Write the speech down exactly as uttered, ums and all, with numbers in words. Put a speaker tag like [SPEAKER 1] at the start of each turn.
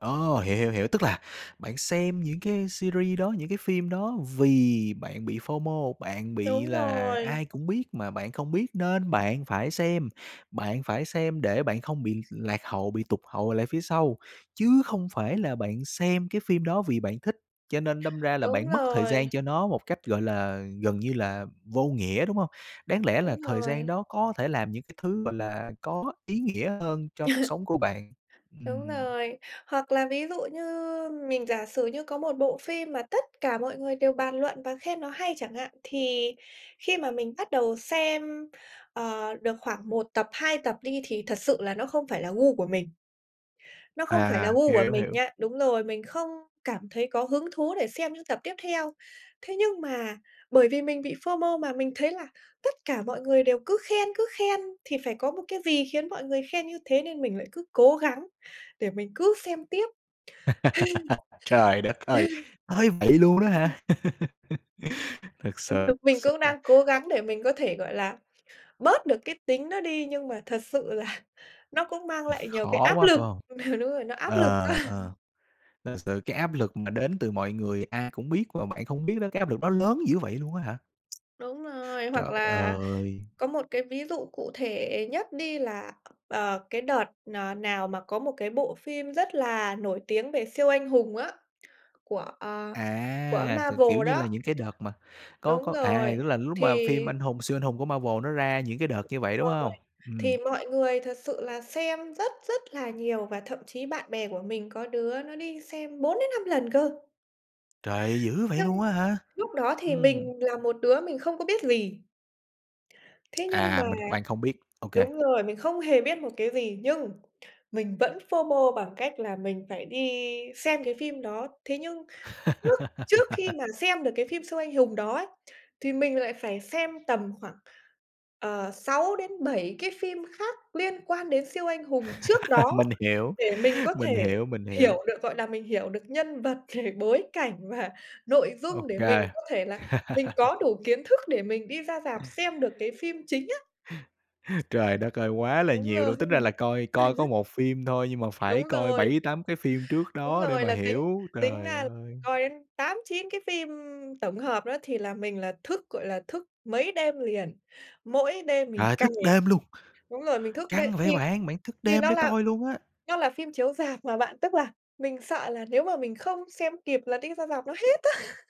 [SPEAKER 1] Ồ, hiểu, hiểu, hiểu, tức là bạn xem những cái series đó, những cái phim đó vì bạn bị FO-MO, bạn bị
[SPEAKER 2] Đúng
[SPEAKER 1] là ai
[SPEAKER 2] rồi.
[SPEAKER 1] cũng biết mà bạn không biết nên bạn phải xem. Bạn phải xem để bạn không bị lạc hậu, bị tụt hậu lại phía sau, chứ không phải là bạn xem cái phim đó vì bạn thích. Cho nên đâm ra là
[SPEAKER 2] Đúng
[SPEAKER 1] bạn mất thời
[SPEAKER 2] rồi.
[SPEAKER 1] gian cho nó một cách, gọi là, gần như là vô nghĩa, đúng hông? Đáng lẽ là
[SPEAKER 2] Đúng
[SPEAKER 1] thời gian
[SPEAKER 2] rồi.
[SPEAKER 1] đó có thể làm những cái thứ, gọi là, có ý nghĩa hơn cho cuộc sống của bạn.
[SPEAKER 2] Đúng
[SPEAKER 1] Ừm.
[SPEAKER 2] rồi. Hoặc là ví dụ như mình giả sử như có một bộ phim mà tất cả mọi người đều bàn luận và khen nó hay chẳng hạn, thì khi mà mình bắt đầu xem, ờ, được khoảng một tập, hai tập đi thì thật sự là nó không phải là gu của mình. Nó không phải là
[SPEAKER 1] À,
[SPEAKER 2] gu
[SPEAKER 1] hiểu,
[SPEAKER 2] của
[SPEAKER 1] hiểu,
[SPEAKER 2] mình
[SPEAKER 1] hiểu.
[SPEAKER 2] nha đúng rồi, mình không cảm thấy có hứng thú để xem những tập tiếp theo. Thế nhưng mà bởi vì mình bị FO-MO mà mình thấy là tất cả mọi người đều cứ khen, cứ khen thì phải có một cái gì khiến mọi người khen như thế nên mình lại cứ cố gắng để mình cứ xem tiếp.
[SPEAKER 1] Trời đất ơi! Tới vậy luôn đó hả? Thực s
[SPEAKER 2] Đúng, đúng.
[SPEAKER 1] thực
[SPEAKER 2] Mình cũng
[SPEAKER 1] sự.
[SPEAKER 2] đang cố gắng để mình có thể, gọi là, bớt được cái tính đó đi nhưng mà thật sự là nó cũng mang lại nhiều cái
[SPEAKER 1] Khó
[SPEAKER 2] áp
[SPEAKER 1] quá,
[SPEAKER 2] lực
[SPEAKER 1] phải hông?
[SPEAKER 2] ừ, đúng rồi, nó áp lực quá.
[SPEAKER 1] Ờ, ờ, thật sự cái áp lực mà đến từ mọi người ai cũng biết mà bạn không biết đó, cái áp lực đó lớn dữ vậy luôn á hả?
[SPEAKER 2] Đúng rồi,
[SPEAKER 1] Trời
[SPEAKER 2] hoặc là
[SPEAKER 1] ơi!
[SPEAKER 2] có một cái ví dụ cụ thể nhất đi là, ờ, cái đợt nà nào mà có một cái bộ phim rất là nổi tiếng về siêu anh hùng á, của, ờ, của
[SPEAKER 1] À, th kiểu
[SPEAKER 2] Marvel
[SPEAKER 1] như
[SPEAKER 2] đó.
[SPEAKER 1] là, những cái đợt mà có
[SPEAKER 2] Đúng
[SPEAKER 1] có, à,
[SPEAKER 2] rồi,
[SPEAKER 1] tức là lúc
[SPEAKER 2] thì
[SPEAKER 1] mà phim anh hùng siêu anh hùng của Marvel nó ra những cái đợt như vậy, đúng
[SPEAKER 2] Rồi,
[SPEAKER 1] hông?
[SPEAKER 2] thì
[SPEAKER 1] Ừm.
[SPEAKER 2] mọi người thật sự là xem rất rất là nhiều và thậm chí bạn bè của mình có đứa nó đi xem bốn đến năm lần cơ.
[SPEAKER 1] Trời, dữ vậy
[SPEAKER 2] Nhưng,
[SPEAKER 1] luôn á hả?
[SPEAKER 2] lúc đó thì
[SPEAKER 1] Ừm.
[SPEAKER 2] mình là một đứa mình không có biết gì. Thế nhưng mà
[SPEAKER 1] À, mình bạn không biết. Ô kê.
[SPEAKER 2] đúng rồi, mình không hề biết một cái gì nhưng mình vẫn FO-MO bằng cách là mình phải đi xem cái phim đó. Thế nhưng trước trước khi mà xem được cái phim siêu anh hùng đó ấy, thì mình lại phải xem tầm khoảng, ờ, sáu đến bảy cái phim khác liên quan đến siêu anh hùng trước đó
[SPEAKER 1] Mình hiểu,
[SPEAKER 2] để mình có
[SPEAKER 1] mình
[SPEAKER 2] thể
[SPEAKER 1] hiểu, mình hiểu.
[SPEAKER 2] hiểu được, gọi là, mình hiểu được nhân vật rồi bối cảnh và nội
[SPEAKER 1] Ô
[SPEAKER 2] dung để mình
[SPEAKER 1] kê.
[SPEAKER 2] có thể là mình có đủ kiến thức để mình đi ra rạp xem được cái phim chính á.
[SPEAKER 1] Trời đất ơi quá là
[SPEAKER 2] Đúng
[SPEAKER 1] nhiều
[SPEAKER 2] rồi.
[SPEAKER 1] luôn. Tính ra là coi coi có một phim thôi nhưng mà phải
[SPEAKER 2] Đúng
[SPEAKER 1] coi
[SPEAKER 2] rồi.
[SPEAKER 1] bảy, tám cái phim trước
[SPEAKER 2] Đúng
[SPEAKER 1] đó để
[SPEAKER 2] rồi
[SPEAKER 1] mà
[SPEAKER 2] là tính
[SPEAKER 1] hiểu,
[SPEAKER 2] tính
[SPEAKER 1] trời
[SPEAKER 2] ra là phải
[SPEAKER 1] ơi.
[SPEAKER 2] coi đến tám, chín cái phim tổng hợp đó thì là mình là thức, gọi là, thức mấy đêm liền, mỗi đêm mình
[SPEAKER 1] Trời,
[SPEAKER 2] cày
[SPEAKER 1] thức đêm luôn?
[SPEAKER 2] đúng rồi, mình thức đêm
[SPEAKER 1] Căng
[SPEAKER 2] thì
[SPEAKER 1] vậy bạn? Bạn thức
[SPEAKER 2] thì
[SPEAKER 1] đêm
[SPEAKER 2] nó
[SPEAKER 1] để
[SPEAKER 2] là
[SPEAKER 1] coi luôn á.
[SPEAKER 2] nó là phim chiếu rạp mà bạn, tức là mình sợ là nếu mà mình không xem kịp là đi ra rạp nó hết á.